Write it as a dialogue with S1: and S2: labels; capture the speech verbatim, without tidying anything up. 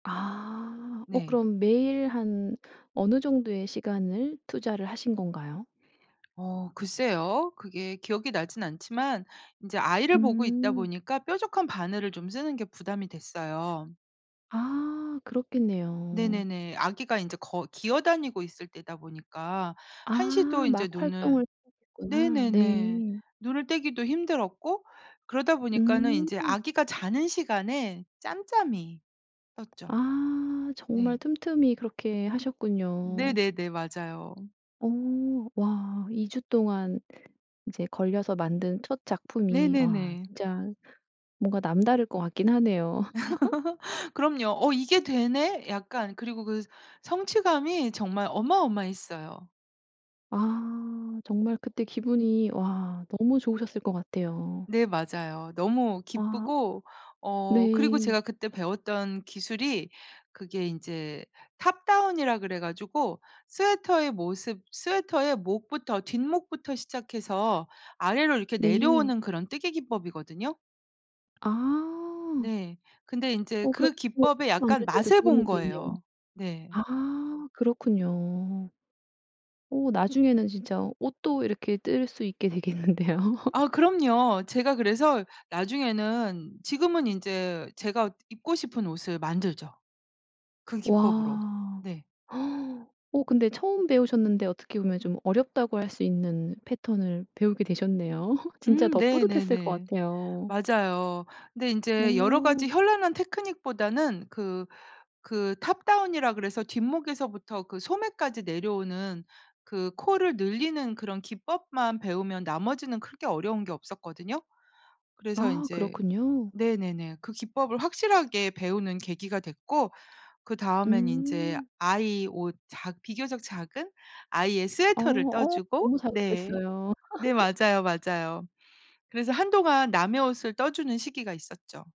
S1: 아. 어
S2: 네.
S1: 그럼 매일 한 어느 정도의 시간을 투자를 하신 건가요?
S2: 어. 글쎄요. 그게 기억이 나진 않지만 인제 아이를 보고 있다
S1: 음.
S2: 보니까 뾰족한 바늘을 좀 쓰는 게 부담이 됐어요.
S1: 아. 그렇겠네요.
S2: 네네네. 아기가 인제 거 기어 다니고 있을 때다 보니까
S1: 아.
S2: 한시도 인제
S1: 막
S2: 눈을
S1: 활동을 시작했구나.
S2: 네네네.
S1: 네.
S2: 눈을 떼기도 힘들었고 그러다 보니까는
S1: 음.
S2: 인제 아기가 자는 시간에 짬짬이 떴죠.
S1: 아. 정말
S2: 네.
S1: 틈틈이 그렇게 하셨군요.
S2: 네네네. 맞아요.
S1: 어. 와 이 주 동안 이제 걸려서 만든 첫 작품이 와
S2: 네네네.
S1: 진짜 뭔가 남다를 것 같긴 하네요.
S2: 그럼요. 어 이게 되네? 약간 그리고 그 성취감이 정말 어마어마했어요.
S1: 아. 정말 그때 기분이 와 너무 좋으셨을 것 같아요.
S2: 네 맞아요. 너무
S1: 와.
S2: 기쁘고 어 그리고
S1: 네.
S2: 제가 그때 배웠던 기술이 그게 인제 탑다운이라 그래 가지고 스웨터의 모습 스웨터의 목부터 뒷목부터 시작해서 아래로 이렇게
S1: 네.
S2: 내려오는 그런 뜨개 기법이거든요.
S1: 아.
S2: 네. 근데 인제
S1: 어 그럼
S2: 그
S1: 뭐
S2: 기법의 약간
S1: 만들 때도
S2: 맛을 본
S1: 도움이 되네요.
S2: 거예요. 네.
S1: 아. 그렇군요. 어 나중에는 진짜 옷도 이렇게 뜰 수 있게 되겠는데요.
S2: 아 그럼요. 제가 그래서 나중에는 지금은 인제 제가 입고 싶은 옷을 만들죠. 그 기법으로.
S1: 와.
S2: 네.
S1: 어 근데 처음 배우셨는데 어떻게 보면 좀 어렵다고 할 수 있는 패턴을 배우게 되셨네요. 진짜
S2: 음
S1: 더 뿌듯했을 것
S2: 네네네.
S1: 같아요.
S2: 맞아요. 근데 인제 여러 가지
S1: 어.
S2: 현란한 테크닉보다는 그 그 탑다운이라고 그래서 뒷목에서부터 그 소매까지 내려오는 그 코를 늘리는 그런 기법만 배우면 나머지는 그렇게 어려운 게 없었거든요. 그래서
S1: 아
S2: 인제
S1: 그렇군요.
S2: 네네네. 그 기법을 확실하게 배우는 계기가 됐고 그다음엔 인제
S1: 음.
S2: 아이 옷 작 비교적 작은 아이의
S1: 아
S2: 스웨터를
S1: 어
S2: 떠주고
S1: 너무
S2: 네.
S1: 자극됐어요.
S2: 네 맞아요, 맞아요. 그래서 한동안 남의 옷을 떠주는 시기가 있었죠.